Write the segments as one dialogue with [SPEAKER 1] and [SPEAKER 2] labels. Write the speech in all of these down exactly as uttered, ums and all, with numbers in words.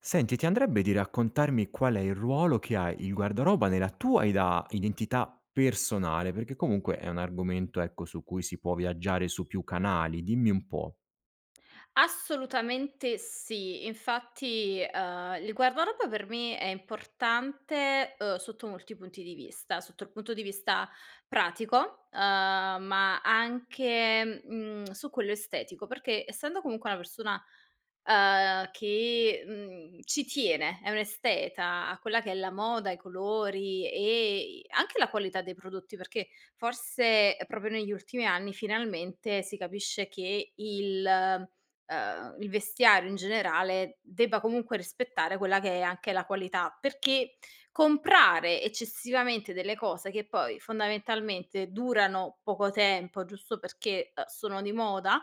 [SPEAKER 1] Senti, ti andrebbe di raccontarmi qual è il ruolo che ha il guardaroba nella tua ida identità personale, perché comunque è un argomento ecco su cui si può viaggiare su più canali. Dimmi un po'.
[SPEAKER 2] Assolutamente sì. Infatti, ehm, il guardaroba per me è importante, uhm, sotto molti punti di vista: sotto il punto di vista pratico, uhm, ma anche, mhmm, su quello estetico, perché essendo comunque una persona, uhm, che, mhmm, ci tiene, è un'esteta, a quella che è la moda, i colori e i anche la qualità dei prodotti perché, forse è proprio negli ultimi anni finalmente si capisce che il uhm, il vestiario, in generale, debba comunque rispettare quella che è anche la qualità; perché comprare eccessivamente delle cose che poi, fondamentalmente, durano poco tempo, giusto perché, uhm, sono di moda,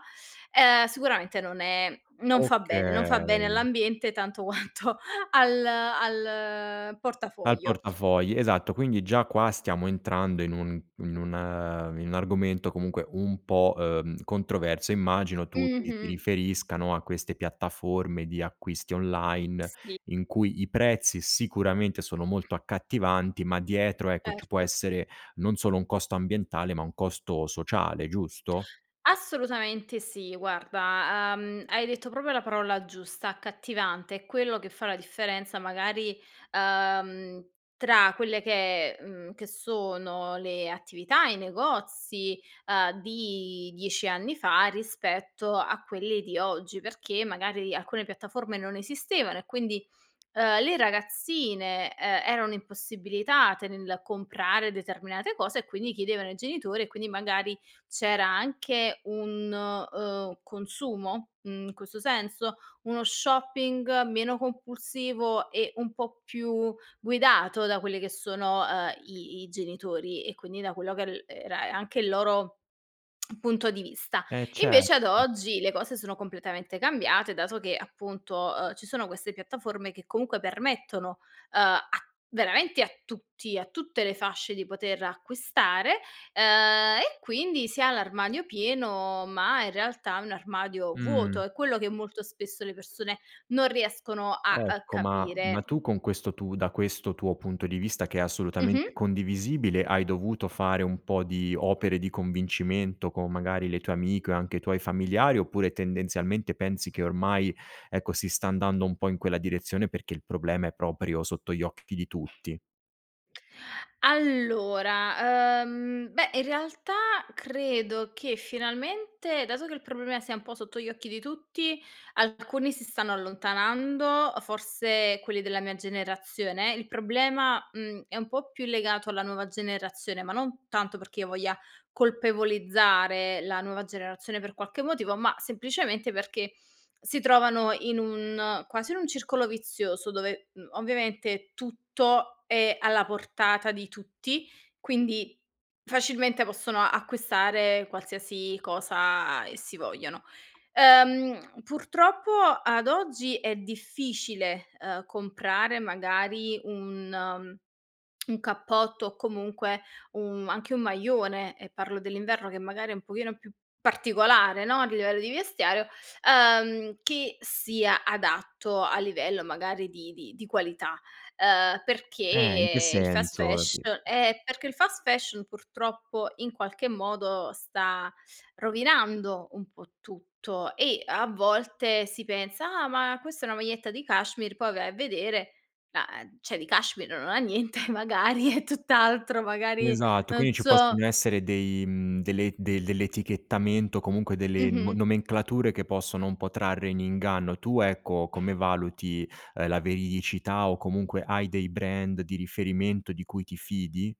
[SPEAKER 2] ehm, sicuramente non è non fa bene, non fa bene
[SPEAKER 1] Okay.
[SPEAKER 2] all'ambiente tanto quanto al al
[SPEAKER 1] Al
[SPEAKER 2] portafoglio.
[SPEAKER 1] portafogli, esatto. Quindi già qua stiamo entrando in un in un ehm, in u argomento comunque un po', uhm, controverso. Immagino tu ti ti
[SPEAKER 2] Mh-mh.
[SPEAKER 1] riferisca, no, a queste piattaforme di acquisti online,
[SPEAKER 2] Sì.
[SPEAKER 1] in cui i prezzi sicuramente sono molto accattivanti ma dietro, ecco, ci può
[SPEAKER 2] Erto.
[SPEAKER 1] essere, non solo un costo ambientale, ma un costo sociale, giusto?
[SPEAKER 2] Assolutamente sì, guarda. Uhm, hai detto propio la parola giusta: accattivante. È quello che fa la differenza, magari, uhm, tra quelle che è mhmm, che sono le attività, i negozi, uhm, di dieci anni fa, rispetto a quelle di oggi. Perché magari alcune piattaforme non esistevano e quindi, uhm, le ragazzine, uhm, erano impossibilitate nel comprare determinate cose e quindi chiedevano ai genitori e quindi magari c'era anche un, uhm, consumo, mhmm, questo senso, uno shopping meno compulsivo e un po' più guidato da quelle che sono, uhm, i i genitori e quindi da quello che el era anche il loro punto di vista.
[SPEAKER 1] E cer
[SPEAKER 2] Invece ad oggi le cose sono completamente cambiate dato che, appunto, uhm, ci sono queste piattaforme che comunque permettono, uhm a veramente a tutti a tutte le fasce di poter acquistare, uhm e quindi si ha l'armadio pieno ma in realtà è un armadio
[SPEAKER 1] Mh.
[SPEAKER 2] vuoto. È quello che molto spesso le persone non riescono a, uhm,
[SPEAKER 1] Ecco ma ma
[SPEAKER 2] capire.
[SPEAKER 1] tu con questo tu da questo tuo punto di vista, che è assolutamente
[SPEAKER 2] Mh-mh.
[SPEAKER 1] condivisibile, hai dovuto fare un po' di opere di convincimento con, magari, le tue amiche o anche i tuoi familiari, oppure tendenzialmente pensi che ormai, ecco, si sta andando un po' in quella direzione perché il problema è proprio sotto gli occhi di tutti.
[SPEAKER 2] Allora, uhm, beh, in realtà credo che finalmente, dato che il prolemea sia un po' sotto gli occhi di tutti, alcuni si stanno allontanando. Uhm, forse quelli della mia generazione. Il problema, mhmm, è un po' più legato alla nuova generazione. Ma non tanto perché io voglia colpevolizzare la nuova generazione per qualche motivo, ma, semplicemente, perché si trovano in un quasi in un circolo vizioso. Dove, mhmm, ovviamente, tutto è alla portata di tutti. Quindi facilmente possono acquistare qualsiasi cosa essi vogliano. Ehm, purtroppo, ad oggi, è difficile, uhm, comprare magari un un cappotto, o comunque u anche un maglione, e parlo dell'inverno, che magari è un pochino più particolare, no? A livello di vestiario, uhm, che sia adatto a livello magari di di di qualità. Uhm,
[SPEAKER 1] Eh, in che
[SPEAKER 2] perché il fast
[SPEAKER 1] senso?
[SPEAKER 2] fash
[SPEAKER 1] Ti
[SPEAKER 2] Eh, perché il fast fashion purtroppo, in qualche modo, sta rovinando un po' tutto. E a volte si pensa: "Ah, ma questa è una maglietta di cashmere". Poi vai a vedere la ehm, ceh, di cashmere non ha niente. Magari è tutt'altro, magari
[SPEAKER 1] Esatto.
[SPEAKER 2] non
[SPEAKER 1] Quindi ci
[SPEAKER 2] so
[SPEAKER 1] possono essere dei mhmm, delle del dell'etichettamento, o comunque delle no
[SPEAKER 2] Mh-mh.
[SPEAKER 1] nomenclature che possono un po' trarre in inganno. Tu, ecco, come valuti, ehm, la veridicità? O comunque, hai dei brand di riferimento di cui ti fidi?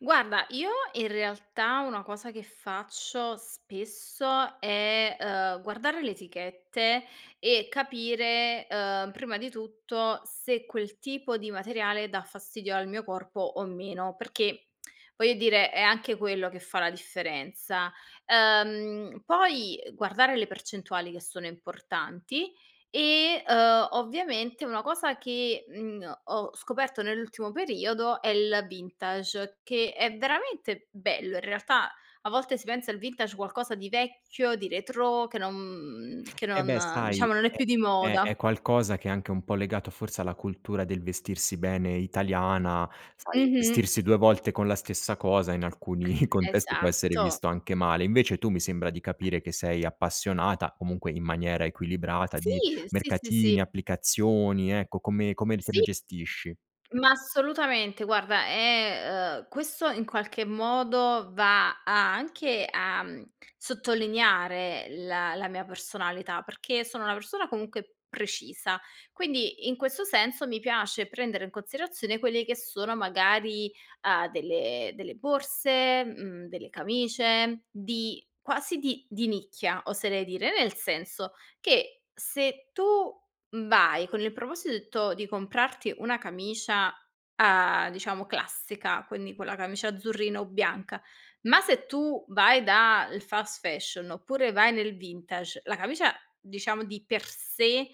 [SPEAKER 2] Guarda, io, in realtà, una cosa che faccio spesso è, uhm, guardare le etichette. E capire, uhm, prima di tutto, se quel tipo di materiale dà fastidio al mio corpo o meno. Perché, voglio dire, è anche quello che fa la differenza. Uhm, poi guardare le percentuali, che sono importanti. E, uhm, ovviamente, una cosa che, mhmm, ho scoperto nell'ultimo periodo è il vintage. Che è veramente bello, in realtà, a volte si pensa al vintage qualcosa di vecchio, di retrò. Che non mhmm, che
[SPEAKER 1] Eh, beh,
[SPEAKER 2] non
[SPEAKER 1] sai,
[SPEAKER 2] diciamo, non è
[SPEAKER 1] è
[SPEAKER 2] più di
[SPEAKER 1] è
[SPEAKER 2] moda.
[SPEAKER 1] è qualcosa che è anche un po' legato, forse, alla cultura del vestirsi bene italiana.
[SPEAKER 2] M
[SPEAKER 1] Sai,
[SPEAKER 2] Mh-mh.
[SPEAKER 1] vestirsi due volte con la stessa cosa, in alcuni contesti, può essere
[SPEAKER 2] Esatto.
[SPEAKER 1] visto anche male. Invece tu, mi sembra di capire che sei appassionata, comunque in maniera equilibrata, di
[SPEAKER 2] Sì, sì, sì, sì.
[SPEAKER 1] mercatini, applicazioni, ecco, come come li te
[SPEAKER 2] Sì.
[SPEAKER 1] li gestisci?
[SPEAKER 2] Ma assolutamente. Guarda, è uhm, questo in qualche modo va a anche a, uhm, sottolineare la la mia personalità. Perché sono una persona, comunque, precisa, quindi, in questo senso, mi piace prendere in consirazione quelli che sono magari, uhm, delle delle borse, mhmm, delle camicie di quasi di di nicchia, oserei dire. Nel senso che se tu, mhmm, vai con il proposito di comprarti una camicia, uhm, diciamo classica, quindi quella camicia azzurrina o bianca. Ma se tu vai da il fast fashion, oppure vai nel vintage, la camicia, diciamo, di per sé,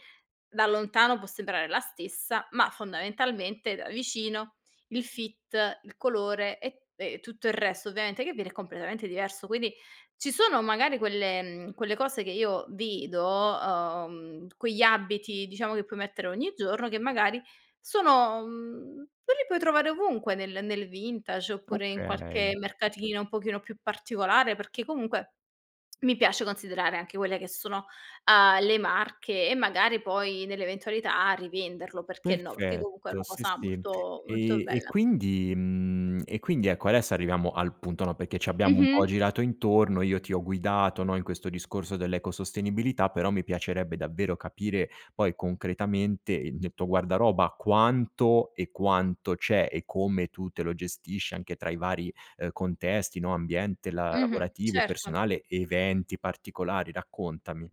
[SPEAKER 2] da lontano può sembrare la stessa. Ma fondamentalmente, da vicino, il fit, il colore e e e tutto il resto, ovviamente, che viene è completamente diverso. Quindi ci sono, magari, quelle mhmm, quelle cose che io vedo uhm, quegli abiti, diciamo, che puoi mettere ogni giorno. Che magari sono mhmm, e li puoi trovare ovunque, nel nel vintage oppure in
[SPEAKER 1] Okay.
[SPEAKER 2] qualche mercatino un pochino più particolare. Perché, comunque, mi piace considerare anche quelle che sono, uhm, le marche. E magari poi, nell'eventualità, rivenderlo. Perché no? Perché comunque è
[SPEAKER 1] Perfetto.
[SPEAKER 2] una
[SPEAKER 1] Sì,
[SPEAKER 2] cosa
[SPEAKER 1] sì. Ehm,
[SPEAKER 2] molto molto
[SPEAKER 1] e
[SPEAKER 2] bella.
[SPEAKER 1] quindi mhmm, e quindi, ecco, adesso arriviamo al punto, no, perché ci abbiamo un po'
[SPEAKER 2] Mh-mh.
[SPEAKER 1] girato intorno. Io ti ho guidato, no, in questo discorso dell'ecosostenibilità. Però mi piacerebbe davvero capire, poi, concretamente, i il tuo guardaroba. Quanto e quanto c'è, e come tu te lo gestisci, anche tra i vari, uhm, contesti, no, ambiente la
[SPEAKER 2] Mh-mh,
[SPEAKER 1] lavorativo,
[SPEAKER 2] certo.
[SPEAKER 1] personale, eventi particolari. Raccontami.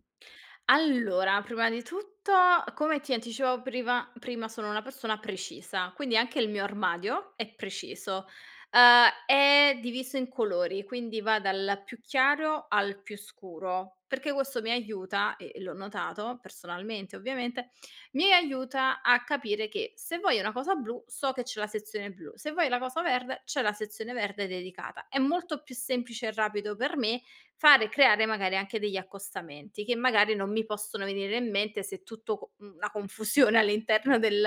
[SPEAKER 2] Allora, prima di tutto, come ti anticipavo priva prima, sono una persona precisa. Quindi anche il mio armadio è preciso. Uhm, è diviso in colori, quindi va dal più chiaro al più scuro. Perché questo mi aiuta e e l'ho notato personalmente, ovviamente. Mi e aiuta a capire che se voglio una cosa blu, so che c'è la sezione blu. Se voglio la cosa verde, c'è la sezione verde dedicata. È molto più semplice e rapido per me fare e creare, magari, anche degli accostamenti, che magari non mi possono venire in mente se tutto co mhmm, la confusione all'interno del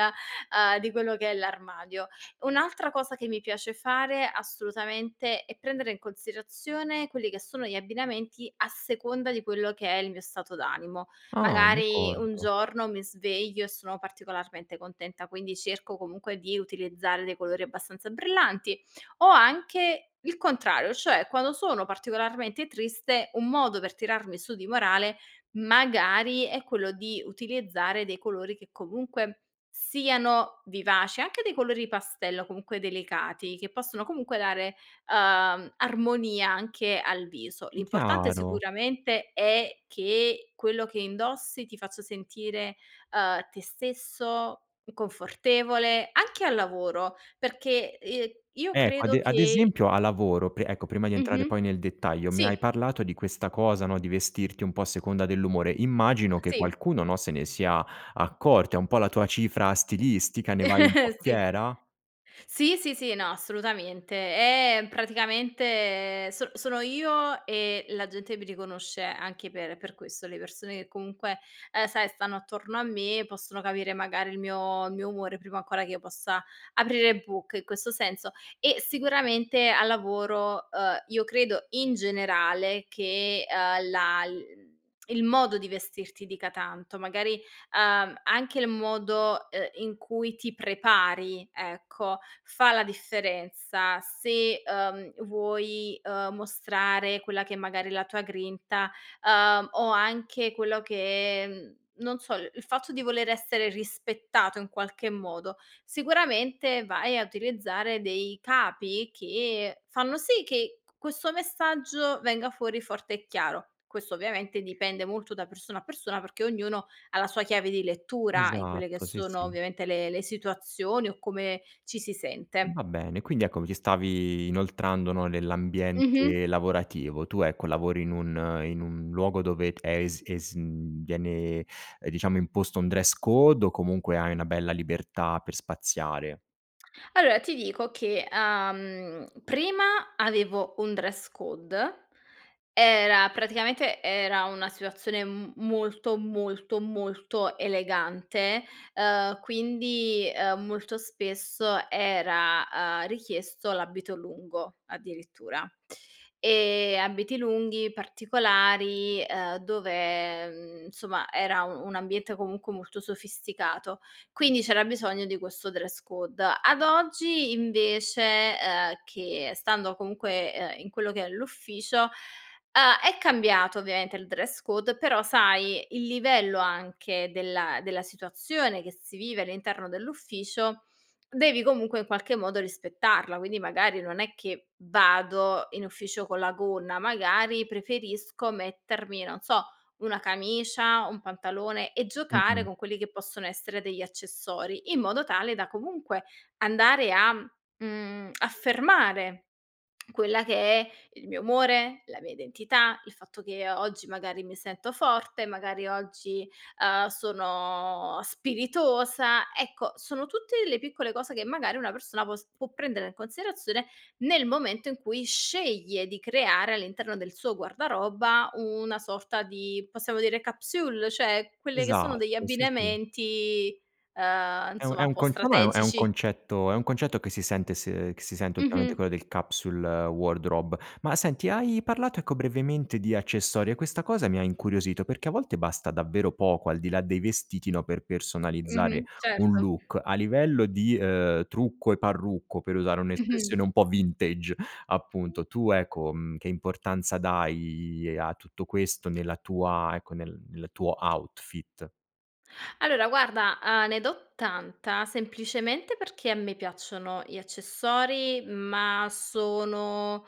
[SPEAKER 2] uhm, di quello che è l'armadio. Un'altra cosa che mi piace fare, assolutamente, è prendere in consirazione quelli che sono gli abbinamenti a seconda di quello che è il mio stato d'animo.
[SPEAKER 1] Ah,
[SPEAKER 2] Magari un
[SPEAKER 1] d'accordo.
[SPEAKER 2] giorno mi sveglio e sono particolarmente contenta, quindi cerco, comunque, di utilizzare dei colori abbastanza brillanti, o anche il contrario, cioè, quando sono particolarmente triste, un modo per tirarmi su di morale, magari, è quello di utilizzare dei colori che comunque siano vivaci. Anche dei colori pastello, comunque delicati, che possono comunque dare, uhm, armonia anche al viso.
[SPEAKER 1] Mh,
[SPEAKER 2] L'importante,
[SPEAKER 1] chiaro.
[SPEAKER 2] sicuramente, è che quello che indossi ti faccio sentire, uhm, te stesso, confortevole. Anche al lavoro, perché, ehm, io
[SPEAKER 1] Ecco, ad
[SPEAKER 2] credo
[SPEAKER 1] e ad
[SPEAKER 2] che
[SPEAKER 1] esempio, al lavoro pe ecco, prima di entrare
[SPEAKER 2] Mh-mh,
[SPEAKER 1] poi nel dettaglio, mi hai
[SPEAKER 2] sì.
[SPEAKER 1] parlato di questa cosa, no, di vestirti un po' a seconda dell'umore. Immagino che
[SPEAKER 2] Sì.
[SPEAKER 1] qualcuno, no, se ne sia accorta, è un po' la tua cifra stilistica, ne vai un po'
[SPEAKER 2] Sì.
[SPEAKER 1] fiera?
[SPEAKER 2] Sì, sì, sì. No, assolutamente. Eh, praticamente sono sono io, e la gente mi riconosce anche per per questo. Le persone che comunque, uhm, sai, stanno attorno a me, possono capire, magari, il mio il mio umore prima ancora che io possa aprire bocca, in questo senso. E sicuramente al lavoro, uhm, io credo, in generale, che, uhm, la l mhmm, il modo di vestirti dica tanto. Magari, uhm, anche il modo, uhm, in cui ti prepari, ecco, fa la differenza. Se, uhm, vuoi, uhm, mostrare quella che magari è la tua grinta, uhm, o anche quello che mhmm, non so, il il fatto di voler essere rispettato in qualche modo, sicuramente vai a utilizzare dei capi che fanno sì che q questo messaggio venga fuori forte e chiaro. Questo, ovviamente, dipende molto da persona a persona. Perché ognuno ha la sua chiave di lettura in quelle che
[SPEAKER 1] Esatto, sì,
[SPEAKER 2] sono,
[SPEAKER 1] sì.
[SPEAKER 2] ovviamente, le le situazioni o come ci si
[SPEAKER 1] Mh,
[SPEAKER 2] sente.
[SPEAKER 1] va bene. Quindi, ecco, mi ci stavi inoltrando, no,
[SPEAKER 2] Mh-mh.
[SPEAKER 1] nell'ambiente lavorativo. Tu, ecco, lavori in un in un luogo dove è es es mhmm, viene, uhm, diciamo, imposto un dress code, o comunque hai una bella libertà per spaziare?
[SPEAKER 2] Allora ti dico che, uhm, prima avevo un dress code. Era praticamente era una situazione m molto, molto, molto elegante. Uhm, quindi, uhm, molto spesso era, uhm, richiesto l'abito lungo, addirittura. Ehm, abiti lunghi, particolari, uhm, dove, mhmm, insomma, era u un ambiente comunque molto sofisticato. Quindi c'era bisogno di questo dress code. Ad oggi, invece uhm, che stando comunque, uhm, in quello che è l'ufficio, uhm, è cambiato ovviamente il dress code. Però, sai, il livello anche della della situazione che si vive all'interno dell'ufficio, devi comunque in qualche modo rispettarla. Quindi, magari, non è che vado in ufficio con la gonna. Magari preferisco mettermi, non so, una camicia, un pantalone, e giocare
[SPEAKER 1] Mh-mh.
[SPEAKER 2] con quelli che possono essere degli accessori. In modo tale da, comunque, andare a mhmm, affermare quella che è il mio umore, la mia identità, il fatto che o oggi, magari, mi sento forte, magari oggi, uhm, sono spiritosa. Ecco, sono tutte delle piccole cose che, magari, una persona può s può prendere in considerazione nel momento in cui sceglie di creare all'interno del suo guardaroba una sorta di, possiamo dire, capsule. ceh quelle che sono degli
[SPEAKER 1] Esatto, sì, sì.
[SPEAKER 2] abbinamenti, uhm,
[SPEAKER 1] È un è
[SPEAKER 2] insomma, un
[SPEAKER 1] un
[SPEAKER 2] po'
[SPEAKER 1] conce ma è un è un
[SPEAKER 2] strategici.
[SPEAKER 1] concetto è un concetto che si sente se che si sente ultimamente,
[SPEAKER 2] Mh-mh.
[SPEAKER 1] quello del capsule wardrobe. Ma, senti, hai parlato, ecco, brevemente di accessori, e questa cosa mi ha incuriosito. Perché a volte basta davvero poco, al di là dei vestiti, no, per personalizzare
[SPEAKER 2] Mh-mh,
[SPEAKER 1] un
[SPEAKER 2] certo.
[SPEAKER 1] look. A livello di, uhm, trucco e parrucco, per usare
[SPEAKER 2] Mh-mh.
[SPEAKER 1] un'espressione un po' vintage,
[SPEAKER 2] [unintelligible]
[SPEAKER 1] appunto. Tu, ecco, mhmm, che importanza dai a tutto questo? Nella tua ecco, nel nel tuo outfit?
[SPEAKER 2] Allora, guarda, uhm, ne do tanta. Semplicemente perché a me piacciono gli accessori. Ma sono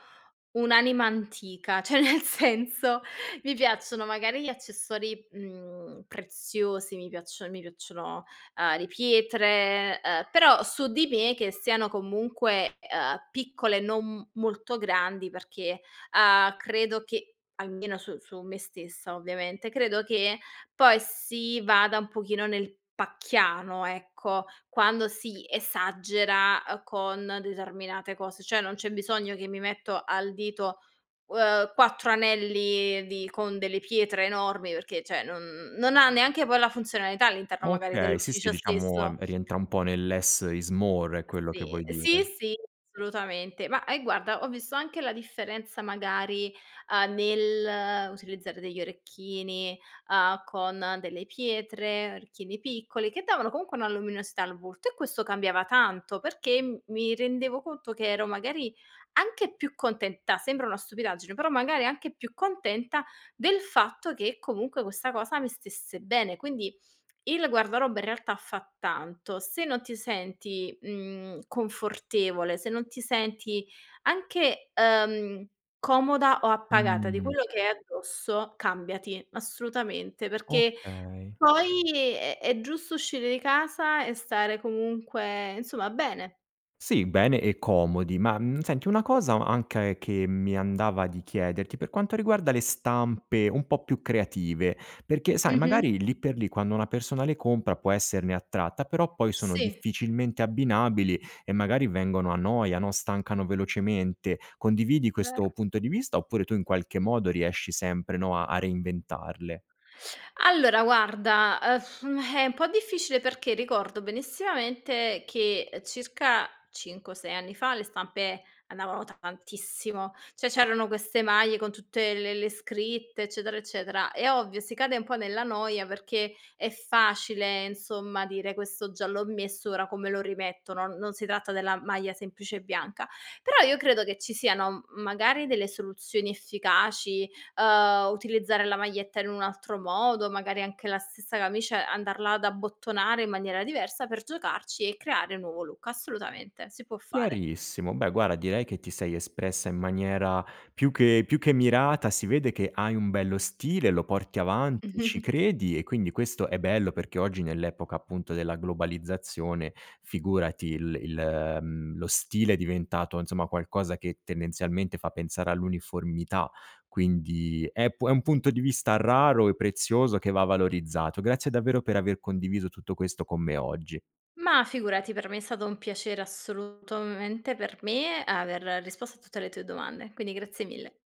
[SPEAKER 2] un'anima antica, ceh, nel senso, mi piacciono magari gli accessori, mhmm, preziosi, mi piaccio mi piacciono, uhm, le pietre, uhm però su di me, che siano comunque, uhm, piccole, non m molto grandi. Perché, uhm, credo che almeno su su me stessa, ovviamente, credo che poi si vada un pochino nel pacchiano, ecco, quando si esagera, uhm, con determinate cose. Cioè, non c'è bisogno che mi metto al dito, uhm, quattro anelli di con delle pietre enormi. Perché, ceh, non non ha neanche poi la funzionalità all'interno, magari,
[SPEAKER 1] Okay, sì, sì.
[SPEAKER 2] dell'ufficio
[SPEAKER 1] Diciamo, ehm,
[SPEAKER 2] stesso
[SPEAKER 1] rientra un po' nel "less is more". È
[SPEAKER 2] Uh,
[SPEAKER 1] quello che
[SPEAKER 2] sì.
[SPEAKER 1] vuoi
[SPEAKER 2] Sì,
[SPEAKER 1] dire?
[SPEAKER 2] sì, assolutamente. Ma eh, guarda, ho visto anche la differenza, magari, uhm, nell'utilizzare degli orecchini, uhm, con delle pietre. Orecchini piccoli, che davano comunque una luminosità al volto. E questo cambiava tanto. Perché m mi rendevo conto che ero, magari, anche più contenta, sembra una stupidaggine, però magari anche più contenta del fatto che, comunque, questa cosa mi stesse bene. Quindi il guardaroba, in realtà, fa tanto. Se non ti senti, mhmm, confortevole, se non ti senti anche, uhm, comoda o appagata di
[SPEAKER 1] Mhmm.
[SPEAKER 2] quello che hai addosso, cambiati, assolutamente. Perché
[SPEAKER 1] Okay.
[SPEAKER 2] poi è è giusto uscire di casa e stare comunque, insomma, bene.
[SPEAKER 1] Sì, bene e comodi. Ma, mhmm, senti, una
[SPEAKER 2] [unintelligible]
[SPEAKER 1] cosa ancae che mi andava di chiederti, per quanto riguarda le stampe un po' più creative perché, sai,
[SPEAKER 2] Mh-mh.
[SPEAKER 1] magari lì per lì, quando una persona le compra, può esserne attratta. Però poi sono
[SPEAKER 2] Sì.
[SPEAKER 1] difficilmente abbinabili e magari vengono a noia, no, stancano velocemente. Condividi questo
[SPEAKER 2] Vero.
[SPEAKER 1] punto di vista, oppure tu, in qualche modo, riesci sempre, no, a a reinventarle?
[SPEAKER 2] Allora, guarda, uhm, è un po' difficile, perché ricordo benissimamente che, uhm, circa cinque o sei anni fa le stampe andavano tantissimo. ceh, c'erano queste maglie con tutte le le scritte, eccetera, eccetera. È ovvio, si cade un po' nella noia perché è facile, insomma, dire: "Questo già l'ho messo, ora come lo rimetto?" Non non si tratta della maglia semplice bianca. Però io credo che ci siano m magari delle soluzioni efficaci, uhm, utilizzare la maglietta in un altro modo. Magari anche la stessa camicia, andarla ad abbottonare in maniera diversa per giocarci e creare un nuovo look, assolutamente, si può fare.
[SPEAKER 1] Chiarissimo. Beh, guara, direi che ti sei espressa in maniera più che più che mirata. Si vede che hai un bello stile, lo porti avanti, ci credi. E quindi questo è bello. Perché oggi, nell'epoca, appunto, della globalizzazione, figurati, il il mhmm, lo stile è diventato, insomma, qualcosa che tendenzialmente fa pensare all'uniformità. Quindi è pu è un punto di vista raro e prezioso, che va valorizzato. Grazie davvero per aver condiviso tutto questo con me oggi.
[SPEAKER 2] Ma figurati. Per me è stato un piacere, assolutomente, per me, aver risposto a tutte le tue domande. Quindi grazie mille.